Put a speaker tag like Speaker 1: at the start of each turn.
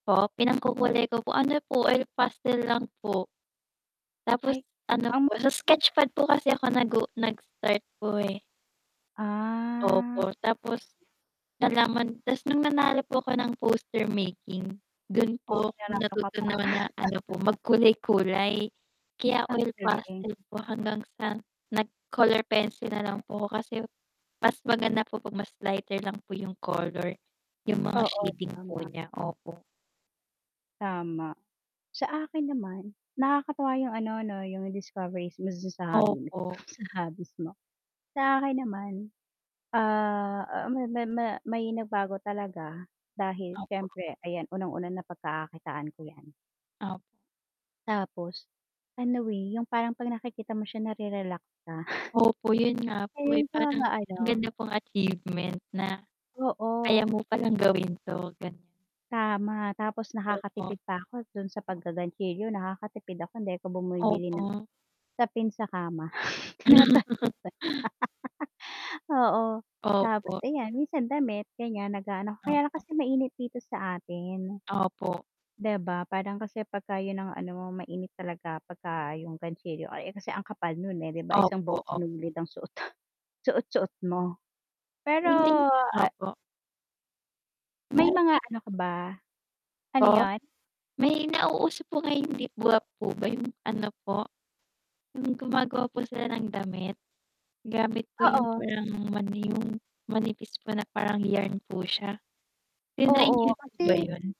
Speaker 1: Po? Pinangkukulay ko po, ano po oil pastel lang po. Tapos
Speaker 2: Ay,
Speaker 1: ano
Speaker 2: um
Speaker 1: po sa sketch pad po kasi ako nag u nag-start po eh.
Speaker 2: Ah.
Speaker 1: Opo, tapos, nalaman ta's nung nanalo po ako ng poster making, dun
Speaker 2: Oh,
Speaker 1: po ako
Speaker 2: nanalo ka
Speaker 1: natuto
Speaker 2: pa.
Speaker 1: na ano po magkulay-kulay. Kaya
Speaker 2: Ang
Speaker 1: oil
Speaker 2: galing.
Speaker 1: pastel po hanggang sa nag-color pencil na lang po ako kasi mas maganda po 'pag mas lighter lang po 'yung color, 'yung mga
Speaker 2: Oo,
Speaker 1: shading po
Speaker 2: tama.
Speaker 1: niya, opo.
Speaker 2: Tama. Sa akin naman, nakakatuwa 'yung ano 'no 'yung discoveries mo dun sa hobby mo
Speaker 1: Opo.
Speaker 2: sa hobbies mo. Sa akin naman, ah, ma ma ma may nagbago talaga dahil
Speaker 1: Opo.
Speaker 2: siyempre ayan unang-una na pagkakakitaan ko 'yan.
Speaker 1: Op
Speaker 2: Tapos, ano, eh, 'yung parang 'pag nakikita mo siya nare-relax ka.
Speaker 1: Opo, 'yun nga po, eh,
Speaker 2: Ayun
Speaker 1: parang
Speaker 2: sana
Speaker 1: ang
Speaker 2: ano
Speaker 1: ganda pong achievement na, kaya
Speaker 2: Oo.
Speaker 1: mo palang gawin 'to, ganiyan.
Speaker 2: Tama, tapos
Speaker 1: Opo.
Speaker 2: nakakatipid pa ako dun sa paggagantsilyo nakakatipid ako 'di ako bumibili ng
Speaker 1: Opo.
Speaker 2: sapin sa kama. Oo, tapos
Speaker 1: Opo.
Speaker 2: ayan minsan damit ganiyan nag-aano kaya lang
Speaker 1: Opo.
Speaker 2: kasi mainit dito sa atin.
Speaker 1: Opo.
Speaker 2: 'Di ba? Parang kasi pagka 'yun ang ano mo mainit talaga pagka 'yung gantsilyo, eh, kasi ang kapal nun, eh, 'di ba isang
Speaker 1: Opo,
Speaker 2: buong
Speaker 1: op
Speaker 2: sinulid ang suot suot-suot mo, Pero,
Speaker 1: [unintelligible]
Speaker 2: ah
Speaker 1: opo.
Speaker 2: May mga
Speaker 1: [unintelligible]
Speaker 2: ano ka ba? Ano
Speaker 1: Po?
Speaker 2: 'yun?
Speaker 1: May nauuso po ngayon 'di ba po ba 'yung ano po, 'yung gumagawa po sila ng damit, gamit po 'yung
Speaker 2: Oo.
Speaker 1: parang ano 'yung manipis po na parang yarn po siya. Tinry
Speaker 2: Oo,
Speaker 1: niyo po ba
Speaker 2: kasi
Speaker 1: 'yon?